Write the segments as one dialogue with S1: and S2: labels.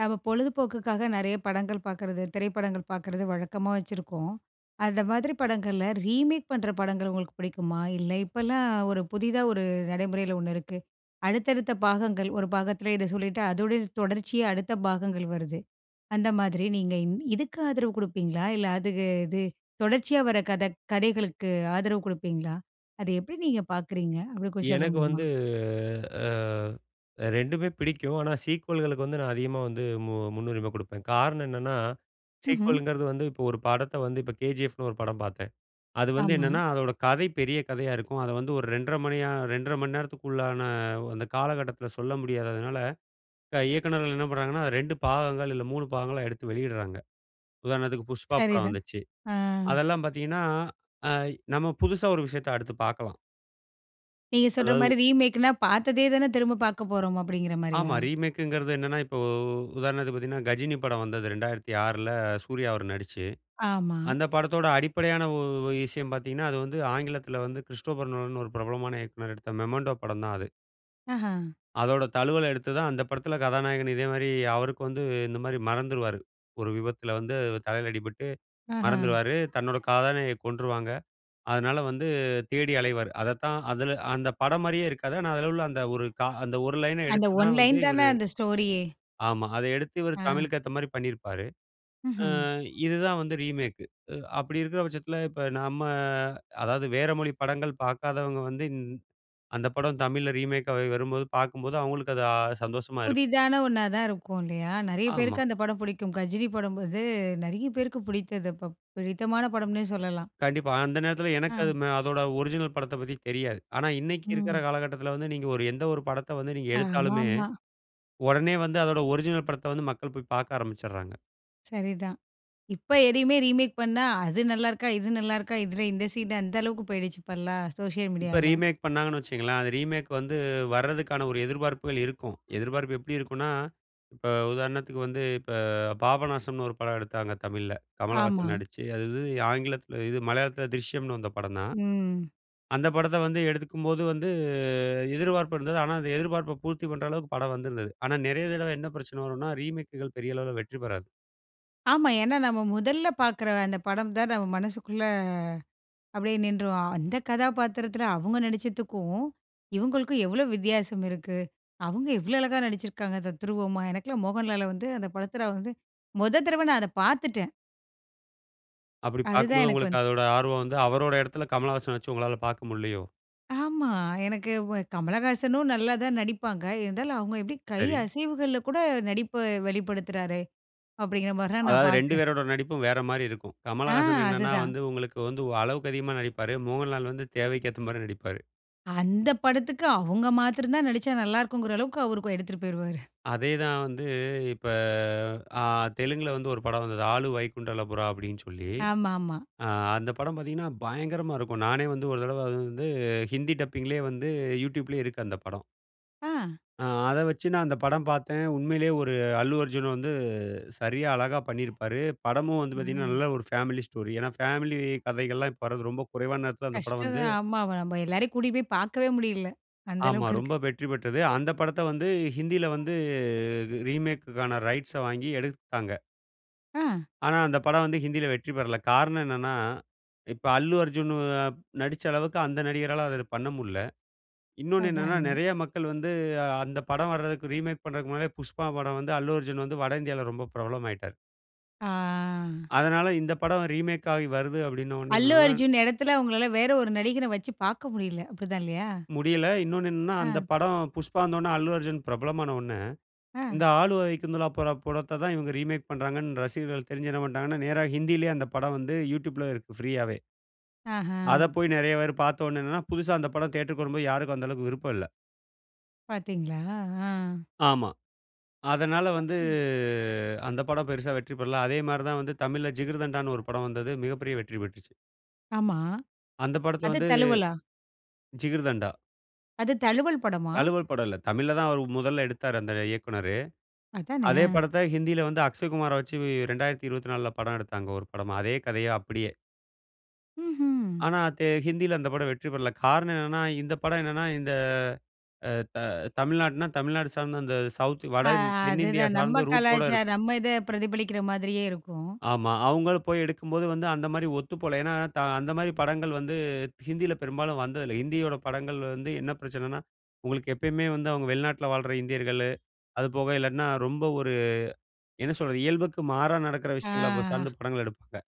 S1: நம்ம பொழுதுபோக்குக்காக நிறைய படங்கள் பார்க்கறது, திரைப்படங்கள் பார்க்கறது வழக்கமா வச்சிருக்கோம். அந்த மாதிரி படங்கள்ல ரீமேக் பண்ணுற படங்கள் உங்களுக்கு பிடிக்குமா? இல்லை இப்பலாம் ஒரு புதிதா ஒரு நடைமுறையில ஒண்ணு இருக்கு, அடுத்தடுத்த பாகங்கள் ,ஒரு பாகத்தில இத சொல்லிட்டு அதோடைய தொடர்ச்சியா அடுத்த பாகங்கள் வருது. அந்த மாதிரி நீங்க இன் இதுக்கு ஆதரவு கொடுப்பீங்களா? இல்ல, அதுக்கு இது தொடர்ச்சியா வர கத கதைகளுக்கு ஆதரவு கொடுப்பீங்களா? அத எப்படி நீங்க பார்க்குறீங்க? அப்படி கொஞ்சம் சொல்ல
S2: எனக்கு
S1: முடியுமா?
S2: வந்து அ 2உமே பிடிக்கும். ஆனா சீக்வல்களுக்கு வந்து நான் அதிகமா வந்து மு முன்னுரிமை குடுப்பேன். காரணம் என்னன்னா,
S1: ம்ஹ்ம்.
S2: சீக்வல்ங்கிறது வந்து இப்ப ஒரு படத்த வந்து இப்போ "KGF"ன்னு ஒரு படம் பார்த்தேன். அது வந்து
S1: ஆமா.
S2: என்னென்னா அதோட கதை பெரிய கதையா இருக்கும். அத வந்து ஒரு 2 1/2 2 1/2 நேரத்துக்குள்ளான அந்த காலகட்டத்தில சொல்ல முடியாததனால, க இயக்குனர்கள் என்ன பண்ணுகிறாங்கன்னா 2 பாகங்கள் இல்ல 3 பாகங்களா எடுத்து வெளியிடுகிறாங்க. உதாரணத்துக்கு "PUSHPA" படம்
S1: சரிதான்.
S2: வந்துச்சு.
S1: அ.
S2: அதெல்லாம் பார்த்தீங்கன்னா. அ நம்ம புதுசா ஒரு விஷயத்த அடுத்து பார்க்கலாம்.
S1: நீங்க சொல்ற மாதிரி
S2: அதாவது
S1: ரீமேக்னா, பார்த்ததே தானே திரும்ப பார்க்க போறோம், அப்படிங்கிற மாரியா?
S2: ஆமா, ரீமேக்ங்கறது என்னன்னா, இப்போ உதாரணத்துக்கு பார்த்தீங்கன்னா "GHAJINI" படம் வந்தது 2006ல சூர்யா அவர் நடிச்சு.
S1: ஆமா.
S2: அந்த படத்தோட அடிப்படையான விஷயம் பார்த்தீங்கன்னா, அது வந்து ஆங்கிலத்துல வந்து கிறிஸ்டோபர் நோலன்னு ஒரு பிரபலமான இயக்குனர் எடுத்த "MEMENTO" படம் தான் அது.
S1: ஆஹ.
S2: அதோட தழுவல் எடுத்து தான் அந்த படத்தில கதாநாயகன் இதேமாதிரி அவருக்கு வந்து இந்த மாதிரி மறந்துருவாரு. ஒரு விபத்துல வந்து தலையில அடிபட்டு
S1: ஆஹ.
S2: மறந்துருவாரு. தன்னோட காதலிய கொன்றுவாங்க. அதனால வந்து தேடி அலைவாரு. அதத்தான் அதில அந்த படம் மாதிரியே இருக்காது. ஆனா, அதில உள்ள அந்த ஒரு க அந்த ஒரு லைன்‌ன
S1: அந்த
S2: எடுத்து
S1: ஒன்
S2: தான் வந்து
S1: லைன் தான,
S2: இவரு
S1: அந்த ஸ்டோரியே.
S2: ஆமா. அத எடுத்து இவர்
S1: ஆ.
S2: தமிழுக்கு ஏத்த மாரி பண்ணியிருப்பாரு.
S1: ம்ஹ்ம்.
S2: ஆ இது தான் வந்து ரீமேக். அப்படி இருக்கிற பட்சத்தில இப்போ நாம அதாவது வேற மொழி படங்கள் பார்க்காதவங்க வந்து, இந் அந்த படம் தமிழ்ல ரீமேக்கா வரும்போது, பார்க்கும்போது அவங்களுக்கு அது அ சந்தோஷமா இருக்கும்.
S1: புதிதான ஒன்னாதான் இருக்கும் இல்லையா? நெறைய
S2: ஆமா.
S1: பேருக்கு அந்த படம் பிடிக்கும். கஜினி படம் வந்து நெறைய பேருக்கு பிடித்தது. ப் ப் பிடித்தமான படம்னே சொல்லலாம்.
S2: கண்டிப்பா, அந்த நேரத்தில
S1: ஆ.
S2: எனக்கு அது ம அதோட ஒரிஜினல் படத்த பத்தி தெரியாது. ஆனா இன்னைக்கு இருக்கற
S1: ம்.
S2: காலகட்டத்துல வந்து, நீங்க ஒரு எந்த ஒரு படத்தை வந்து நீங்க எடுத்தாலுமே,
S1: ஆமாமா.
S2: உடனே வந்து அதனுடைய ஒரிஜினல் படத்தை வந்து மக்கள் போய் பார்க்க ஆரம்பிச்சுறாங்க.
S1: சரிதான். இப்ப எதையுமே ரீமேக் பண்ணா அது நல்லா இருக்கா? இது நல்லா இருக்கா? இதுல இந்த சீன், அந்த அளவுக்கு போயிடுச்சு. இப்பல்லா சோசியல்
S2: இப்ப
S1: மீடியால.
S2: ரீமேக் பண்ணாங்கணு வச்சுக்கோங்களேன், அது ரீமேக் வந்து வர்றதுக்கான ஒரு எதிர்பார்ப்புகள் இருக்கும். எதிர்பார்ப்பு எப்படி இருக்குன்னா? இப்ப உதாரணத்துக்கு வந்து இப்ப பாபநாசம்ன்னு ஒரு படம் எடுத்தாங்க தமிழ்ல.
S1: ஆமா.
S2: கமலஹாசன் நடிச்சு, அது வந்து ஆங்கிலத்தில இது மலையாளத்தில திரிஷ்யம்ன்னு வந்த படம் தான்.
S1: ம்.
S2: அந்த படத்த வந்து எடுக்கும்போது வந்து எதிர்பார்ப்பு இருந்தது. ஆனா அந்த எதிர்ப்பார்ப்பை பூர்த்தி பண்ணுற அளவுக்கு, படம் வந்திருந்தது. ஆனா நெறைய தடவ என்ன பிரச்சனை வரும்ன்னா, ரீமேக்குகள் பெரிய அளவுல வெற்றி பெறாது.
S1: ஆமா. ஏன்னா, நம்ம முதல்ல பார்க்கிற அந்த படம் தான் நம்ம மனசுக்குள்ள அப்படியே நின்றுரும். அந்த கதாபாத்திரத்தில அவுங்க நடிச்சதுக்கும் இவங்களுக்கும், எவ்வளவு வித்தியாசம் இருக்கு? அவங்க எவ்ளோ அழகா நடிச்சிருக்காங்க தத்துரூபமா. எனக்கெல்லாம் மோகன்லால வந்து அந்த படத்துல வந்து மொத தடவ நான் அதை பாத்துட்டேன்.
S2: அப்படி
S1: அதுதான்
S2: பார்க்கும்போது
S1: எனக்கு
S2: உங்களுக்கு
S1: வந்து
S2: அதோட ஆர்வம் வந்து அவரோட இடத்தில கமலஹாசன வச்சு உங்களால பார்க்க முடியலையோ?
S1: ஆமா. எனக்கு வ கமலஹாசனும் நல்லா தான் நடிப்பாங்க. இருந்தாலும், அவங்க எப்படி கை
S2: சரி.
S1: அசைவுகள்ல கூட நடிப்ப வெளிப்படுத்துறாரே, அப்படிங்கிற மாரிலாம் நான்
S2: அதாவது 2
S1: பார்த்தேன்.
S2: பேரோட நடிப்பும் வேற மாரி இருக்கும்.
S1: ஆ,
S2: கமலஹாசன் என்னனா
S1: அதுதான்.
S2: வந்து உங்களுக்கு வந்து வ அளவுக்கு அதிகமா நடிப்பாரு. மோகன்லால் வந்து தேவைக்கு ஏத்த மாரி நடிப்பாரு.
S1: அந்த படத்துக்கு அவங்க மாத்திரம் தான் நடிச்சா நல்லா இருக்கும்ங்கிற அளவுக்கு, அவரு கொ எடுத்துட்டு போயிடுவாரு.
S2: அதே தான் வந்து இப்ப ஆ தெலுங்கில வந்து ஒரு படம் வந்தது, "ஆல வைகுண்டபுறமுலு" அப்படினு சொல்லி.
S1: ஆமா, ஆமா.
S2: ஆ அந்த படம் பார்த்தீங்கன்னா, பயங்கரமா இருக்கும். நானே வந்து, ஒரு தடவ வந்து ஹிந்தி டப்பிங்‌லே வந்து YouTube லே இருக்கு அந்த படம்.
S1: ஆ.
S2: ஆ. அதை வச்சு நான் அந்த படம் பார்த்தேன். உண்மையிலே ஒரு அல்லு அர்ஜுன் வந்து சரியா, அழகா பண்ணியிருப்பாரு. படமும் வந்து பார்த்தீங்கன்னா,
S1: ஆ.
S2: நல்ல ஒரு ஃபேமிலி ஸ்டோரி. ஏன்னா, ஃபேமிலி கதைகள்லாம் இப்ப வரது ரொம்ப குறைவான நேரத்தில அந்த படம்
S1: கஷ்டம்
S2: வந்து
S1: தான். ஆமா, நம்ப எல்லாரையும் கூட்டிட்டு போய் பார்க்கவே முடியல, அந்த
S2: ஆமா.
S1: அளவுக்கு இருக்கு.
S2: ரொம்ப வெற்றி பெற்றது. அந்த படத்த வந்து ஹிந்தியில வந்து ரீமேக்குக்கான ரைட்ஸ வாங்கி எடுத்தாங்க.
S1: ஆ.
S2: ஆனா அந்த படம் வந்து ஹிந்தியில வெற்றி பெறல. காரணம் என்னன்னா, இப்ப அல்லு அர்ஜுனு நடிச்ச அளவுக்கு அந்த நடிகரால அத பண்ண முடியல. இன்னொன்னு
S1: அதான்,
S2: என்னன்னா,
S1: அதான்.
S2: நெறைய மக்கள் வந்து அந்த படம் வர்றதுக்கு ரீமேக் பண்ணுறதுக்கு முன்னாடியே, புஷ்பா படம் வந்து அல்லு அர்ஜுன் வந்து வட இந்தியால ரொம்ப பிரபலம் ஆயிட்டாரு.
S1: ஆ.
S2: அதனால இந்த படம் ரீமேக் ஆயி வருது அப்படின்ன உடன
S1: அல்லு
S2: [unintelligible]
S1: அர்ஜுன் இடத்துல, உங்களால வேற ஒரு நடிகர வச்சு பார்க்க முடியல. அப்படித்தான் இல்லையா?
S2: முடியல. இன்னொன்னு என்னன்னா, அந்த
S1: அ.
S2: படம் புஷ்பா வந்தோடன, அல்லு அர்ஜுன் பிரபலமான உடன,
S1: அ.
S2: இந்த ஆல வைகுந்தபுறமுலூ பட- படத்த தான் இவுங்க ரீமேக் பண்றாங்கன்னு ரசிகர்கள் தெரிஞ்சு என்ன பண்டாங்கன்னா, நேரா ஹிந்தியிலயே அந்த படம் வந்து யூட்யூப்‌ல இருக்கு ஃப்ரீயாவே. அத
S1: அஹ.
S2: போய் நெறைய பேர் பாத்தோடனே என்னன்னா, புதுசா அந்த படம் தியேட்டர்‌க்கு வரும்போது, யாருக்கும் அந்த அளவுக்கு விருப்பம் இல்ல.
S1: பார்த்தீங்களா? ஆ.
S2: ஆமா. அதனால வந்து
S1: [unintelligible]
S2: அந்த படம் பெருசா வெற்றி பெறல. அதே மாரிதான் வந்து தமிழ்ல, ஜிகர்தண்டான்னு ஒரு படம் வந்தது. மிகப்பெரிய வெற்றி பெற்றுச்சு.
S1: ஆமா.
S2: அந்த படத்த
S1: அது
S2: வந்து
S1: தழுவலா?
S2: ஜிகிர்தண்டா.
S1: அது தழுவல் படமா?
S2: தழுவல் படம் இல்ல. தமிழ்ல தான் அவர் முதல்ல எடுத்தாரு அந்த இயக்குனரு.
S1: அதானே.
S2: அதே
S1: அ.
S2: படத்த ஹிந்தியில வந்து அக்ஷய்குமார வச்சு 2024ல படம் எடுத்தாங்க ஒரு படமா. அதே கதைய அப்படியே.
S1: ம்ஹ்ம்.
S2: ஆனா, தே ஹிந்தியில அந்த படம் வெற்றி பெறல. காரணம் என்னன்னா, இந்த படம் என்னன்னா, இந்த அ த தமிழ்நாடுன்னா, தமிழ்நாடு சார்ந்த அந்த சவுத்
S1: அ
S2: வட தென்னிந்தியா
S1: அதுதான். நம்ம
S2: சார்ந்த ரூட்டோட
S1: கலாச்சாரம்,
S2: இருக்கும்.
S1: நம்ம இத பிரதிபலிக்கிற மாதிரியே இருக்கும்.
S2: ஆமா. அவுங்கள போய் எடுக்கும்போது, வந்து அந்தமாரி ஒத்துப்போல. ஏன்னா, த அந்தமாரி படங்கள் வந்து ஹிந்தில பெரும்பாலும் வந்ததில்லை. ஹிந்தியோட படங்கள் வந்து என்ன பிரச்சனன்னா, உங்களுக்கு எப்பயுமே வந்து அவுங்க வெளிநாட்ல வாழ்ற இந்தியர்கள், அதுபோக இல்லாட்னா, ரொம்ப ஒரு என்ன சொல்றது, இயல்புக்கு மாறா நடக்கிற விஷயங்கள அப்ப
S1: ஆ.
S2: சார்ந்து படங்கள் எடுப்பாங்க.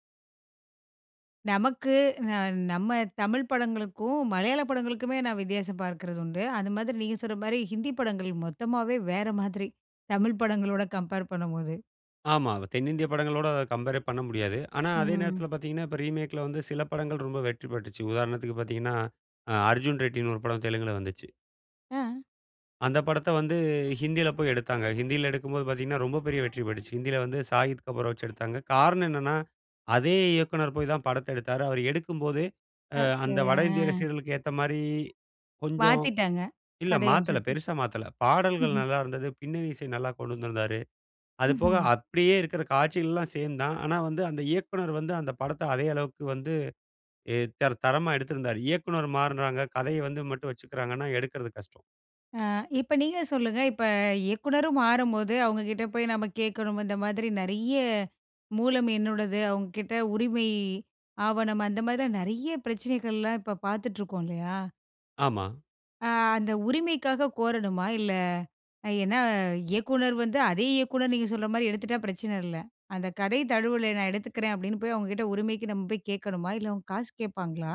S1: நமக்கு ந நம்ம தமிழ் படங்களுக்கும், மலையாள படங்களுமே நான் வித்தியாசம் பார்க்கிறது உண்டு. அது மாதிரி நீங்க சொல்ற மாரி ஹிந்தி படங்கள் மொத்தமாவே வேற மாதிரி. தமிழ் படங்களோட கம்பேர் பண்ணும்போது.
S2: ஆமா. வ தென்னிந்திய படங்களோட கம்பேரே பண்ண முடியாது. ஆனா, அதே
S1: ம்.
S2: நேரத்தில பார்த்தீங்கன்னா, இப்ப ரீமேக்‌ல வந்து சில படங்கள் ரொம்ப வெற்றி பெற்றுச்சு. உதாரணத்துக்கு பார்த்தீங்கன்னா, அ அர்ஜுன் ரெட்டின்னு ஒரு படம் தெலுங்குல வந்துச்சு.
S1: ஆ.
S2: அந்த படத்த வந்து ஹிந்தில போய் எடுத்தாங்க. ஹிந்தில எடுக்கும்போது பார்த்தீங்கன்னா, ரொம்ப பெரிய வெற்றி பெற்றுச்சு. ஹிந்தில வந்து ஷாகித் கபூர வச்சு எடுத்தாங்க. காரணம் என்னென்னா, அதே இயக்குனர் போய் தான் படத்த எடுத்தாரு. அவர் எடுக்கும்போதே, அ
S1: ஓகே.
S2: அந்த வட இந்திய
S1: ஆ.
S2: ரசிகர்களுக்கு ஏத்தமாரி கொஞ்சம்
S1: மாத்திட்டாங்க.
S2: இல்ல
S1: கதை
S2: மாத்தல
S1: அம்சத்த.
S2: பெருசா மாத்தல. பாடல்கள்
S1: ம்ஹ்ம்.
S2: நல்லாயிருந்தது. பின்னணி இசை நல்லா கொண்டு வந்திருந்தாரு. அது போக
S1: ம்ஹ்ம்.
S2: அப்பிடியே இருக்கிற காட்சிகள்லாம் சேம் தான். ஆனா வந்து அந்த இயக்குனர் வந்து அந்த படத்த அதே அளவுக்கு வந்து ஏ தர தரமா எடுத்திருந்தாரு. இயக்குனர் மாறுனாங்க. கதைய வந்து மட்டும் வச்சுக்கிறாங்கன்னா, எடுக்கறது கஷ்டம்.
S1: ஆ இப்ப நீங்க சொல்லுங்க இப்ப இயக்குனரும் மாறும்போது, அவங்க கிட்ட போய் நாம கேட்கணும். இந்த மாதிரி நிறைய மூலம் என்னோடது. அவங்க கிட்ட உரிமை ஆவணம், அந்த மாதிரி எல்லாம் நிறைய பிரச்சனைகள்லாம் இப்போ பார்த்துட்டு இருக்கோம், இல்லையா?
S2: ஆமா.
S1: அ அந்த உரிமைக்காக கோரணுமா இல்ல. ஏன்னா இயக்குநர் வந்து அதே இயக்குநர், நீங்க சொல்ற மாரி எடுத்துட்டா பிரச்சனை இல்ல. அந்த கதை தழுவுல நான் எடுத்துக்கிறேன், அப்படின்னு போய் அவங்க கிட்ட உரிமைக்கு நம்ம போய் கேட்கணுமா இல்ல. அவங்க காசு கேட்பாங்களா,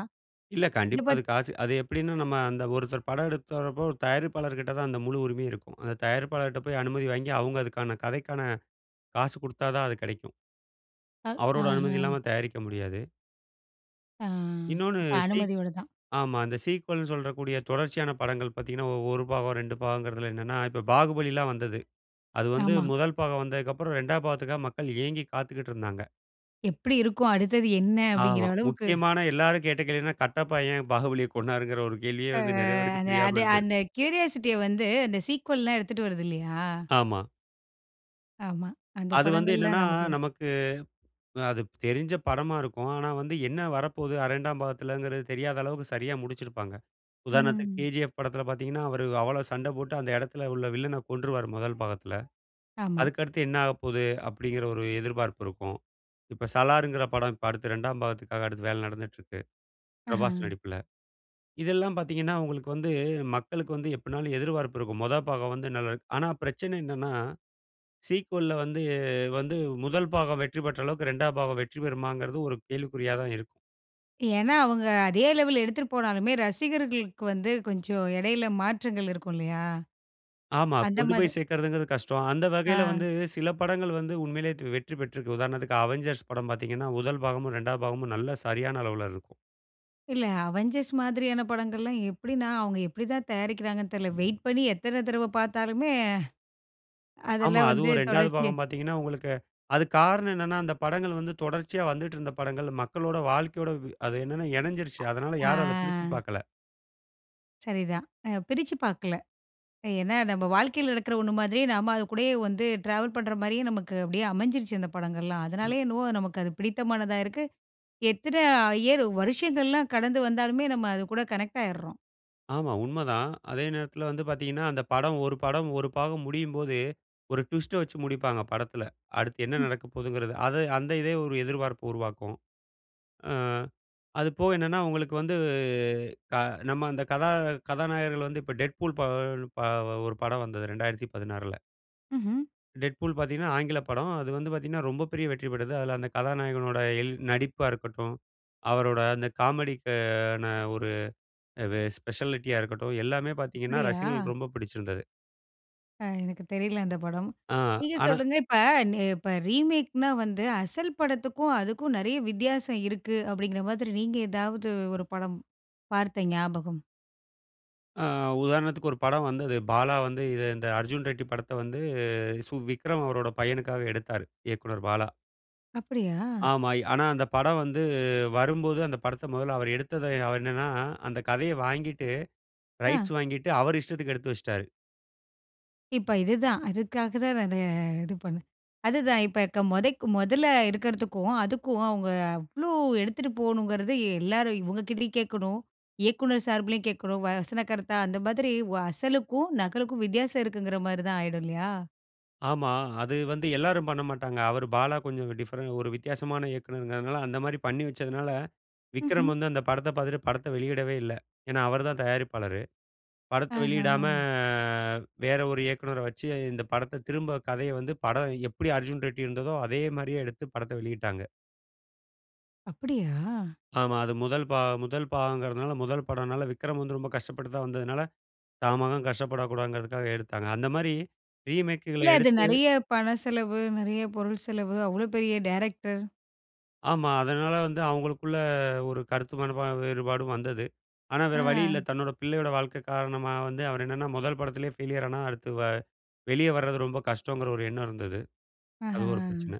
S2: இல்ல
S1: இதை
S2: கண்டிப்பா, அது
S1: பத்தி
S2: காசு அது எப்படின்னா, நம்ம அந்த ஒருத்தர் படம் எடுக்கறப்போ, ஒரு தயாரிப்பாளர்கிட்ட தான் அந்த முழு உரிமையும் இருக்கும். அந்த தயாரிப்பாளர்கிட்ட போய் அனுமதி வாங்கி, அவங்க அதுக்கான கதைக்கான காசு குடுத்தா தான், அது கிடைக்கும்.
S1: ஆ,
S2: அவருடைய அனுமதி
S1: ஆஹம்.
S2: இல்லாம தயாரிக்க முடியாது.
S1: அ.
S2: இன்னொன்னு
S1: அப்போ
S2: சீக்
S1: அனுமதியோடு தான்.
S2: ஆமா, அந்த சீக்வல்ன்னு சொல்லக்கூடிய தொடர்ச்சியான படங்கள் பார்த்தீங்கன்னா, 1 பாகம், 2 பாகம்ங்கிறதில என்னன்னா, இப்போ பாகுபலிலாம் வந்தது. அது வந்து
S1: ஆமா.
S2: முதல் பாகம் வந்ததுக்கப்புறம், 2வது பாகத்துக்காக மக்கள் ஏங்கி காத்துக்கிட்டு இருந்தாங்க.
S1: எப்படி இருக்கும்? அடுத்தது என்ன? அப்படிங்கிற
S2: ஆமா.
S1: அளவுக்கு.
S2: முக்கியமான எல்லாரும் கேட்ட கேள்வின்னா, கட்டப்பா ஏன் பாகுபலிய கொன்னாருங்கிற ஒரு கேள்வியே
S1: ஆ,
S2: வந்து, நிறைய பேருக்கு
S1: அது
S2: தெரியாம
S1: அது
S2: இருந்தது.
S1: அந்த கியூரியாசிட்டிய வந்து, அந்த சீக்வல்லாம் எடுத்துட்டு வருது இல்லியா?
S2: ஆமா.
S1: ஆமா. அந்த
S2: அது வந்து
S1: படங்கள்ல
S2: என்னென்னா,
S1: நமக்கு
S2: நமக்கு அது தெரிஞ்ச படமா இருக்கும். ஆனா வந்து என்ன வரப்போது இரண்டாம் பாகத்தில்ங்குற தெரியாத அளவுக்கு சரியா முடிச்சுருப்பாங்க. உதாரணத்துக்கு,
S1: ம்.
S2: கேஜிஎஃப் படத்தில பார்த்தீங்கன்னா அவரு அவ்வளோ சண்டை போட்டு அந்த இடத்துல உள்ள வில்லன கொன்றுருவார் முதல் பாகத்தில.
S1: ஆமா.
S2: அதுக்கடுத்து என்ன ஆகப்போகுது அப்டீங்குற ஒரு எதிர்பார்ப்பு இருக்கும். இப்ப சலார்ங்கிற படம் இப்ப அடுத்து ரெண்டாம் பாகத்துக்காக அடுத்து வேல நடந்துட்டு இருக்கு
S1: ஆஹ.
S2: பிரபாஸ் நடிப்புல. இதெல்லாம் பார்த்தீங்கன்னா, அவங்களுக்கு வந்து மக்களுக்கு வந்து எப்டீனாலும் எதிர்பார்ப்பு இருக்கும். மொத பாகம் வந்து நல் ஆனா பிரச்சனை என்னன்னா? சீக்வல்‌ல வந்து வந்து முதல் பாகம் வெற்றி பெற்ற அளவுக்கு இரண்டாம் பாகம் வெற்றி பெறுமாங்குறது ஒரு கேள்விக்குறியாதா இருக்கும்.
S1: ஏனா, அவங்க அதே லெவல் எடுத்துட்டு போனாலுமே, ரசிகர்களுக்கு வந்து கொஞ்ச இடைல மாற்றங்கள் இருக்கும் இல்லையா?
S2: ஆமா.
S1: அந்த
S2: கொண்டு
S1: மாது
S2: போய் சேர்க்குறங்கது கஷ்டம். அந்த வகையில
S1: அ.
S2: வந்து சில படங்கள் வந்து உண்மையிலேயே வெற்றி பெற்றுருக்கு. உதாரணத்துக்கு அவென்ஞ்சர்ஸ் படம் பார்த்தீங்கன்னா முதல் பாகமும், இரண்டாம் பாகமும் நல்ல, சரியான அளவுல இருக்கும்.
S1: இல்ல அவெஞ்சர்ஸ் மாதிரியான படங்கள்லாம் எப்டீன்னா, அவங்க எப்டி தான் தயாரிக்கிறாங்கன்னு தெர்ல, வெயிட் பண்ணி எத்தன தடவ பார்த்தாலுமே,
S2: ஆமா,
S1: அதெல்லாம் வந்து
S2: அதுவும் இரண்டாவது
S1: தொடர்ச்சியா
S2: பாகம் பார்த்தீங்கன்னா, உங்களுக்கு அது காரணம் என்னன்னா, அந்த படங்கள் வந்து தொடர்ச்சியா வந்துட்டுருந்த படங்கள். மக்களோட வாழ்க்கையோட அது என்னன்னா இணைஞ்சுருச்சு.
S1: அ
S2: அதனால யாரும் அதை பிரிச்சுப்
S1: ஆ.
S2: பார்க்கல.
S1: சரி தான். அ பிரிச்சு பாக்கல. ஏன்னா, நம்ம வாழ்க்கைல நடக்கற ஒண்ணு மாதிரி, நாம அது கூடயே வந்து டிராவல் பண்ற மாரியே, நமக்கு அப்படியே அமைஞ்சிருச்சு அந்த படங்கள்லாம்.
S2: ம்.
S1: அதனாலயே என்னவோ, நமக்கு அது பிடித்தமானதா இருக்கு. எத்தன இயர் வருஷங்கள்லாம் கடந்து வந்தாலுமே, நம்ம அது கூட கனெக்டு ஆயிர்றோம்.
S2: ஆமா, உண்மதான். அதே நேரத்துல வந்து பார்த்தீங்கன்னா அந்த படம், ஒரு படம், ஒரு பாகம் முடியும்போதே, ஒரு ட்விஸ்ட வச்சு முடிப்பாங்க படத்துல. அடுத்து என்ன
S1: ம்.
S2: நடக்க போதுங்கிறது. அது அந்த இதே ஒரு எதிர்பார்ப்ப உருவாக்கும். ஆ அது போக என்னன்னா, உங்களுக்கு வந்து க நம்ம அந்த கதா கதாநாயகர்கள் வந்து இப்போ டெட் பூல் ப ஒ ப ஒ ஒரு படம் வந்தது 2016ல.
S1: ம்ஹ்ம்.
S2: டெட் பூல் பார்த்தீங்கன்னா, ஆங்கில படம். அது வந்து பார்த்தீங்கன்னா, ரொம்ப பெரிய வெற்றி பெற்றது. அதுல அந்த கதாநாயகனுடைய இயல் நடிப்பா இருக்கட்டும், அவரோட அந்த காமெடிக்கு ஆன ஒரு வெ ஸ்பெஷாலிட்டியா இருக்கட்டும், எல்லாமே பார்த்தீங்கன்னா
S1: அப்பிடியா?
S2: ரசிகர்களுக்கு ரொம்ப பிடிச்சிருந்தது.
S1: ஆ. எனக்கு தெரியல அந்த படம்.
S2: ஆ.
S1: நீங்க
S2: ஆனா
S1: சொல்லுங்க, இப்ப ந இப்ப ரீமேக்ன்னா வந்து அசல் படத்துக்கும் அதுக்கும் நெறைய வித்தியாசம் இருக்கு, அப்பிடீங்கிற மாரி நீங்க ஏதாவது ஒரு படம் பார்த்த ஞாபகம்?
S2: ஆ. உதாரணத்துக்கு ஒரு படம் வந்தது. பாலா வந்து இத இந்த அர்ஜுன் ரெட்டி படத்த வந்து சு விக்ரம் அவரோட பையனுக்காக எடுத்தாரு. இயக்குனர் பாலா.
S1: அப்படியா?
S2: ஆமா. ஆனா, அந்த படம் வந்து வரும்போது அந்த படத்த மெதல்ல அவரு எடுத்தத அவரு என்னன்னா, அந்த கதைய வாங்கிட்டு
S1: ஆ.
S2: ரைட்ஸ் வாங்கிட்டு, அவரு இஷ்டத்துக்கு எடுத்து வச்சிட்டாரு.
S1: இப்ப இதுதான். இதுக்காக தான் நான் இத இது பண்ணேன். அதுதான் இப்ப இக்க மொதைக்கு மொதல்ல இருக்கிறதுக்கும், அதுக்கும் அவுங்க அவ்ளோ எடுத்துட்டு போகணுங்கிறது எல்லாரும் இவுங்கக்கிட்டயும் கேட்கணும். இயக்குநர் சார்பிலயும் கேட்கணும். வசன கருத்தா அந்த மாதிரி வ அசலுக்கும், நகலுக்கும் வித்தியாசம் இருக்குங்கிறமாரி தான் ஆயிடும் இல்லயா?
S2: ஆமா. அது வந்து எல்லாரும் பண்ணமாட்டாங்க. அவரு பாலா கொஞ்சம் டிஃபரண்ட் ஒரு வித்தியாசமான இயக்குனருங்கறதுனால, அந்தமாரி பண்ணி வச்சதுனால, விக்ரம்
S1: ம்ஹ்ம்.
S2: வந்து அந்த படத்த பார்த்துட்டு, படத்த வெளியிடவே இல்ல. ஏன்னா, அவரு தான் தயாரிப்பாளரு. படத்த
S1: ஆஹா!
S2: வெளியிடாம வேற ஒரு இயக்குனர வச்சு, இந்த படத்த திரும்ப கதைய வந்து படம் எப்படி அர்ஜுன் ரெட்டி இருந்ததோ! அதேமாரியே எடுத்து படத்த வெளியிட்டாங்க.
S1: அப்பிடியா?
S2: ஆமா. அது முதல் பா முதல் பாகங்கிறதுனால முதல் படம்னால விக்ரம் வந்து ரொம்ப கஷ்டப்பட்டு தான் வந்ததுனால, தான் மகன் கஷ்டப்படக்கூடாதுங்கிறதுக்காக, எடுத்தாங்க. அந்தமாரி ரீமேக்குகள
S1: இல்ல, அது
S2: எடுத்து
S1: நிறைய பண செலவு, நிறைய பொருள் செலவு, அவ்ளோ பெரிய டைரக்டர்!
S2: ஆமா. அதனால வந்து அவங்களுக்குள்ள ஒரு கருத்து மனப்பா வேறுபாடும் வந்தது. ஆனா வேற வழி இல்ல.
S1: அ.
S2: தன்னோட பிள்ளையோட வாழ்க்கை காரணமா வந்து, அவரு என்னன்னா முதல் படத்திலே ஃபெய்லியரானா அடுத்து வ வெளிய வர்றது ரொம்ப கஷ்டங்கிற ஒரு எண்ணம் இருந்தது.
S1: அஹ. அ.
S2: அது ஒரு
S1: அ.
S2: பிரச்சனை.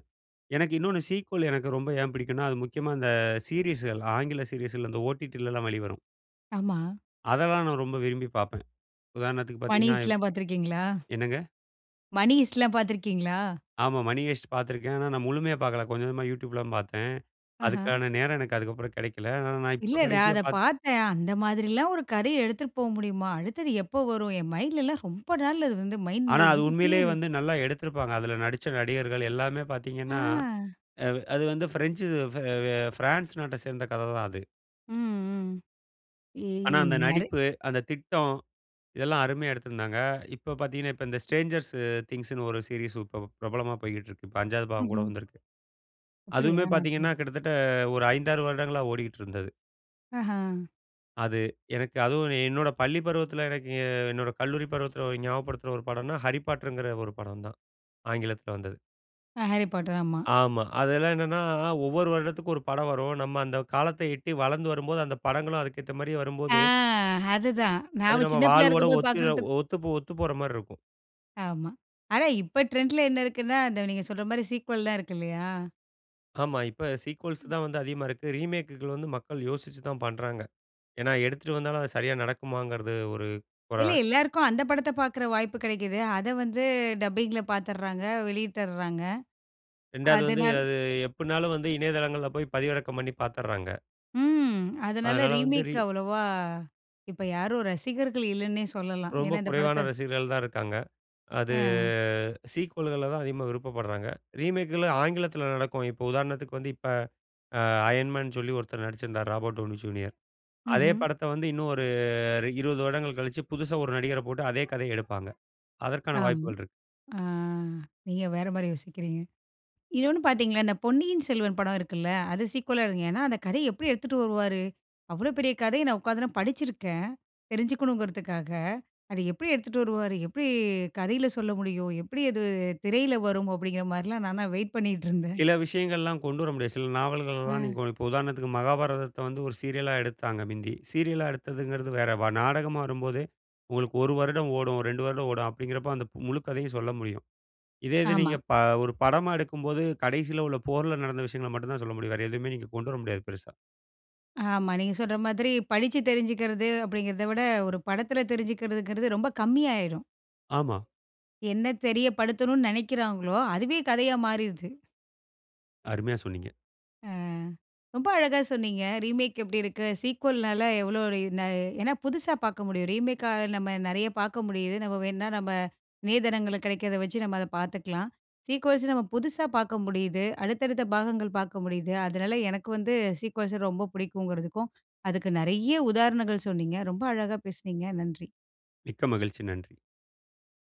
S2: எனக்கு இன்னொன்னு சீக்வல் எனக்கு ரொம்ப ஏன் பிடிக்கும்னா, அது முக்கியமா இந்த சீரிஸுகள் ஆங்கில சீரீஸ்கள்ல இந்த ஓடிடிலாம் வெளிவரும்.
S1: ஆமா.
S2: அதெல்லாம் நான் ரொம்ப விரும்பி பார்ப்பேன். உதாரணத்துக்கு
S1: மணி
S2: பார்த்தீங்கன்னா
S1: ஹேய்ஸ்ட்ல்லாம் பாத்துருக்கீங்களா?
S2: என்னங்க?
S1: மணி ஹேய்ஸ்ட்ல்லாம் பாத்துருக்கீங்களா?
S2: ஆமா. மணி ஹேய்ஸ்ட் பார்த்திருக்கேன். ஆனா நான் முழுமையா பார்க்கல. கொஞ்சம், கொஞ்சமா YouTube ல தான் பார்த்தேன்.
S1: ஆஹா.
S2: அதுக்கான நேரம் எனக்கு அதுக்கபபுறம் கெடைக்கல. ஆனா நான்
S1: இல்ல,
S2: இப்ப
S1: நான்
S2: கடைசியா
S1: அத
S2: பாக்
S1: பார்த்தேன். அந்த மாதிரில்லாம் ஒரு கதைய எடுத்துட்டு போக முடியுமா? அடுத்தது எப்ப வரும்? என் மைண்ட்ல்லாம் ரொம்ப நாள் அது வந்து மைண்ட்ல
S2: ஆனா, அது
S1: இருந்துட்டே
S2: உண்மையிலே
S1: இருக்கு.
S2: வந்து நல்லா எடுத்திருப்பாங்க. அதுல நடிச்ச நடிகர்கள் எல்லாமே பார்த்தீங்கன்னா
S1: ஆ.
S2: அது அது வந்து ஃபிரெஞ்சு இது ஃப அ ஃபிரான்ஸ் நாட்டை சேர்ந்த கதை தான் அது.
S1: ம்.ம்.
S2: ஆனா அந்த
S1: ஏய்ன்னரு
S2: நடிப்பு, அந்த திட்டம் இதெல்லாம் அருமையா எடுத்திருந்தாங்க. இப்ப பார்த்தீங்கன்னா, இப்ப இந்த ஷ்ட்ரேன்ஜர்ஸ் அ திங்க்ஸ்ன்னு ஒரு சீரியஸ் ப ப பிரபலமா போய்க்கிட்டுருக்கு. இப்ப 5 வது பாகம் கூட
S1: ம்ஹ்ம்.
S2: வந்திருக்கு.
S1: அப்படியா?
S2: அதுவுமே
S1: நான்
S2: பார்த்தீங்கன்னா,
S1: [unintelligible]
S2: கிட்டத்தட்ட ஒரு 5, 6 வருடங்களா ஓடிக்கிட்டு இருந்தது.
S1: அஹ.
S2: அது எனக்கு அதுவும் என்னோட பள்ளி பருவத்தில, எனக்கு என்னோட கல்லூரி பருவத்தில ஒரு ஞாபகப்படுத்துற ஒரு படம்ன்னா, Harry Potter ங்கற ஒரு படம் தான். ஆங்கிலத்தில வந்தது.
S1: அ. Harry Potter, ஆமா.
S2: ஆமா. அதெல்லாம் என்னன்னா, ஒவ்வொரு வருடத்திற்கு ஒரு படம் வரும். நம்ம அந்த காலத்த எட்டி வளர்ந்து வரும்போது, அந்த படங்களும் அதுக்கு ஏத்த மாரி
S1: அ
S2: வரும்போது
S1: அதுதான்.
S2: அது
S1: நாம
S2: நம்ம
S1: சின்ன பிள்ளையா
S2: வாழ்வோட
S1: இருக்கும்போது
S2: ஒத்து
S1: பார்க்குறதுக்கு
S2: ஒத்துபோ ஒத்துபோற மாரி இருக்கும்.
S1: ஆமா. ஆனா இப்ப ட்ரெண்ட்‌ல என்ன இருக்குன்னா, அந்த நீங்க சொல்ற மாரி சீக்வல்லாம் இருக்குல்லையா?
S2: ஆமா. இப்ப சீக்வல்ஸ்
S1: அ.
S2: தான் வந்து அதிகமா இருக்கு. ரீமேக்‌குகள் வந்து மக்கள் யோசிச்சு தான் பண்ணுறாங்க. ஏன்னா, எடுத்துட்டு வந்தாலும் அது சரியா நடக்குமாங்கறது ஒரு.
S1: இல்ல.
S2: [unintelligible]
S1: எல்லாருக்கும் அந்த படத்த பார்க்கிற வாய்ப்பு கிடைக்குது. அதை வந்து டப்பிங்ல பார்த்துடுறாங்க, வெளியிட்டர்றாங்க.
S2: 2 வது வந்து,
S1: அதனால
S2: அது எப்பிட்ன்னாலும் வந்து இணையதளங்கள்ல போய் பதிவிறக்கம் பண்ணி பார்த்துர்றாங்க.
S1: ம். அதனால
S2: அதனால வந்து ரி
S1: ரீமேக் அவ்வளவா இப்ப யாரும் ரசிகர்கள் இல்லன்னே சொல்லலாம்.
S2: ரொம்ப
S1: ஏன்னா இந்த
S2: குறைவான
S1: படத்த
S2: ரசிகர்கள் தான் இருக்காங்க. அது
S1: அ.
S2: சீக்வல்கள்ல தான் அதிகமா விருப்பப்படுறாங்க. ரீமேக்குகள் ஆங்கிலத்தில நடக்கும். இப்ப உதாரணத்துக்கு வந்து இப்ப அ Iron Man சொல்லி ஒருத்தர் நடிச்சிருந்தாரு. Robert Downey junior. அதே
S1: ம்ஹ்ம்.
S2: படத்த வந்து இன்னும் ஒரு ரி 20 வருடங்கள் கழிச்சு, புதுசா ஒரு நடிகர போட்டு, அதே கதைய எடுப்பாங்க. அதற்கான
S1: அம்.
S2: வாய்ப்புகள் இருக்கு.
S1: ஆ நீங்க வேற மாரி யோசிக்கிறீங்க. இன்னொன்னு பார்த்தீங்களா? இந்த பொன்னியின் செல்வன் படம் இருக்குல்ல? அது சீக்குவலா இருக்கும். ஏன்னா, அந்த கதைய எப்படி எடுத்துட்டு வருவாரு? அவ்ளோ பெரிய கதைய நான் உட்காந்து நா படிச்சிருக்கேன். தெரிஞ்சுக்கணுங்கிறதுக்காக. அத எப்படி எடுத்துட்டு வருவாரு? எப்படி கதையில சொல்ல முடியும்? எப்படி அது திரையில வரும்? அப்படிங்கிற மாரிலாம் நான்லாம் வெயிட் பண்ணிட்டிருந்தேன்.
S2: சில விஷயங்கள்லாம் கொண்டு வர முடியாது. சில நாவல்களலாம்
S1: அ.
S2: நீங்க இப்போ உதாரணத்துக்கு, மகாபாரதத்தை வந்து ஒரு சீரியலா எடுத்தாங்க மிந்தி. சீரியலா எடுத்ததுங்கிறது வேற. வ நாடகமா வரும்போதே உங்களுக்கு 1 வருடம் ஓடும். 2 வருடம் ஓடும். அப்படிங்கிறப்போ, அந்த முழு கதையும் சொல்ல முடியும். இதே இது
S1: ஆமா.
S2: நீங்க ப ஒரு படமா எடுக்கும்போது, கடைசியில உள்ள போர்ல நடந்த விஷயங்கள மட்டும் தான் சொல்ல முடியும். வேற எதுவுமே நீங்க கொண்டு வர முடியாது பெருசா.
S1: ஆமா, நீங்க சொல்ற மாதிரி படிச்சு தெரிஞ்சுக்கிறது அப்படிங்கிறதை விட, ஒரு படத்தில தெரிஞ்சுக்கிறதுங்கிறது ரொம்ப கம்மி ஆயிரும்.
S2: ஆமா.
S1: என்ன தெரியப்படுத்தணும்னு நெனைக்கிறாங்களோ, அதுவே கதையா மாறிருது!
S2: அருமையா சொன்னீங்க.
S1: அ ரொம்ப அழகா சொன்னீங்க. ரீமேக் எப்படி இருக்கு? சீக்குவல்னால எவ்ளோ, [unintelligible] ஏன்னா புதுசா பார்க்க முடியும். ரீமேக்கால நம்ம நெறைய பார்க்க முடியுது. நம்ம வேணா நம்ப நேதனங்கள்ல கிடைக்கிறத வச்சு நம்ப அதை பார்த்துக்கலாம். சீக்குவல்ஸ் நம்ம புதுசா பார்க்க முடியுது. அடுத்தடுத்த பாகங்கள் பார்க்க முடியுது. அதனால எனக்கு வந்து சீக்குவல்ஸ ரொம்ப புடிக்குங்கிறதுக்கும் அதுக்கு நெறைய உதாரணங்கள் சொன்னீங்க. ரொம்ப அழகா பேசினீங்க. நன்றி.
S2: மிக்க மகிழ்ச்சி. நன்றி.